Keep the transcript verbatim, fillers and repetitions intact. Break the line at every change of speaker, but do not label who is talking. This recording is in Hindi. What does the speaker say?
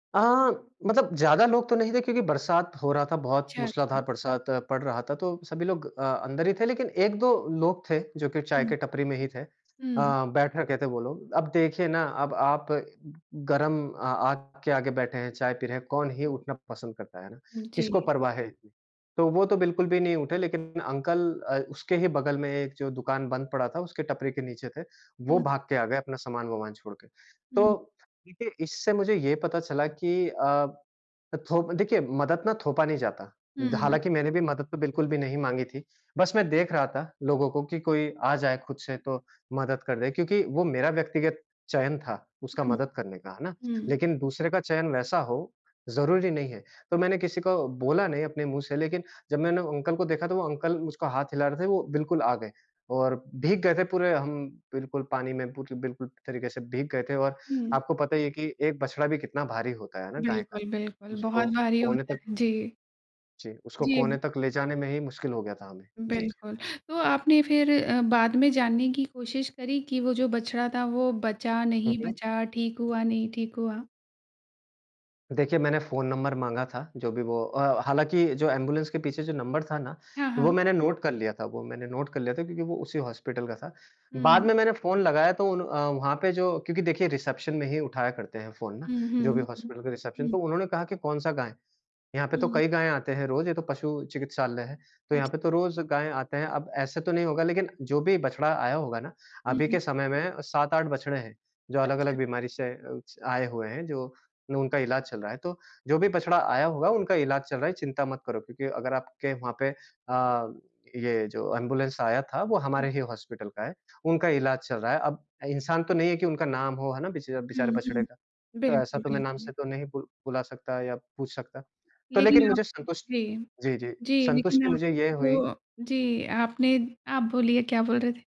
अ, मतलब ज़्यादा लोग तो नहीं थे क्योंकि बरसात हो रहा था बहुत
अच्छा,
मूसलाधार
अच्छा।
बरसात पड़ रहा था। तो सभी लोग अ, अंदर ही थे लेकिन एक दो लोग थे जो कि चाय
हुँ।
के टपरी में ही थे। अ,
हुँ।
बैठा कहते हैं वो लोग, अब देखिए ना अब आप अ, गरम अ, आग के आगे बैठे हैं, चाय पी रहे हैं, कौन ही उठना पसंद करता है ना,
उ,
किसको
जी।
परवाह है इतनी? तो वो तो बिल्कुल भी नहीं उठे लेकिन अंकल अ, उसके ही बगल में एक जो दुकान बंद पड़ा था, उसके टपरी के नीचे थे, वो
हुँ।
भाग के आ गए अपना सामान-वमानान छोड़ के।
हुँ।
तो देखिए इससे मुझे ये पता चला कि अ, थोप देखिए मदद ना थोपा नहीं जाता द
हुँ।
हालाँकि मैंने भी मदद तो बिल्कुल भी नहीं माँगी थी। बस मैं देख रहा था लोगों को कि कोई आ जाए खुद से तो मदद कर दे क्योंकि वो मेरा व्यक्तिगत चयन था, उसका
हुँ,
मदद करने का है ना,
हुँ।
लेकिन दूसरे का चयन वैसा हो ज़रूरी नहीं है। तो मैंने किसी को बोला नहीं अपने मुँह से लेकिन जब मैंने अंकल को देखा, तो वो अंकल उसको हाथ हिला रहे थे वो बिल्कुल आ गए और भीग गए थे पूरे हम बिल्कुल पानी में पूर बिल्कुल तरीके से भीग गए थे और
हुँ।
आपको पता ही है कि एक बछड़ा भी कितना भारी होता है ना गाय का
बिल्कुल, बिल्कुल,
उसको
बहुत भारी
कोने
होता
तक
है, जी।
जी, उसको कोने
जी।
तक ले जाने में ही मुश्किल हो गया था हमें। जी, जी।
बिल्कुल। तो आपने फिर अ, बाद में जानने की कोशिश करी कि वो जो बछड़ा था, वो बचा,
हुँ,
नहीं
हुँ।
बचा? ठीक हुआ, नहीं ठीक हुआ?
देखिए, मैंने फ़ोन नंबर माँगा था जो भी वो अ, हालाँकि जो एंबुलेंस के पीछे जो नंबर था ना,
हाँ,
वो
हाँ।
मैंने नोट कर लिया था वो मैंने नोट कर लिया था क्योंकि वो उसी हॉस्पिटल का था। बाद
हुँ।
में मैंने फ़ोन लगाया तो उन अ, वहाँ पे जो क्योंकि देखिए रिसेप्शन में ही उठाया करते हैं फ़ोन ना,
हुँ,
जो भी
हुँ, हुँ,
हॉस्पिटल का रिसेप्शन
हुँ।
तो उन्होंने कहा कि कौन-सा गाय है? यहाँ पे तो
हुँ।
कई गायें आती हैं रोज़, ये तो पशु चिकित्सालय है तो यहाँ पे तो
अच्छा।
रोज़ गायें आते हैं। अब ऐसा तो नहीं होगा, लेकिन जो भी बछड़ा आया होगा ना
हुँ,
अभी
हुँ।
के समय में सात आठ बछड़े हैं जो अलग-अलग
अच्छा।
बीमारी से अ, उसे आए हुए हैं, जो उनका इलाज चल रहा है, तो जो भी बछड़ा आया होगा, उनका इलाज चल रहा है, चिंता मत करो क्योंकि अगर आपके वहाँ पे अ, ये जो एंबुलेंस आया था, वो
हुँ।
हमारे ही हॉस्पिटल का है। उनका इलाज चल रहा है, अब इंसान तो नहीं है कि उनका नाम हो है ना बेच
हुँ,
बेचारे बछड़े
हुँ।
का। तो ऐसा
बिल्कुल,
तो मैं नाम
बिल्कुल।
से तो नहीं बु बुला सकता या पूछ सकता। तो लेकिन
लेकिन आप
मुझे संतुष
जी,
जी, जी
जी, लेकिन
संतुष्टि मुझे ये
आपके
हुई।
जो जी आपने आप बोलिए क्या बोल रहे थे?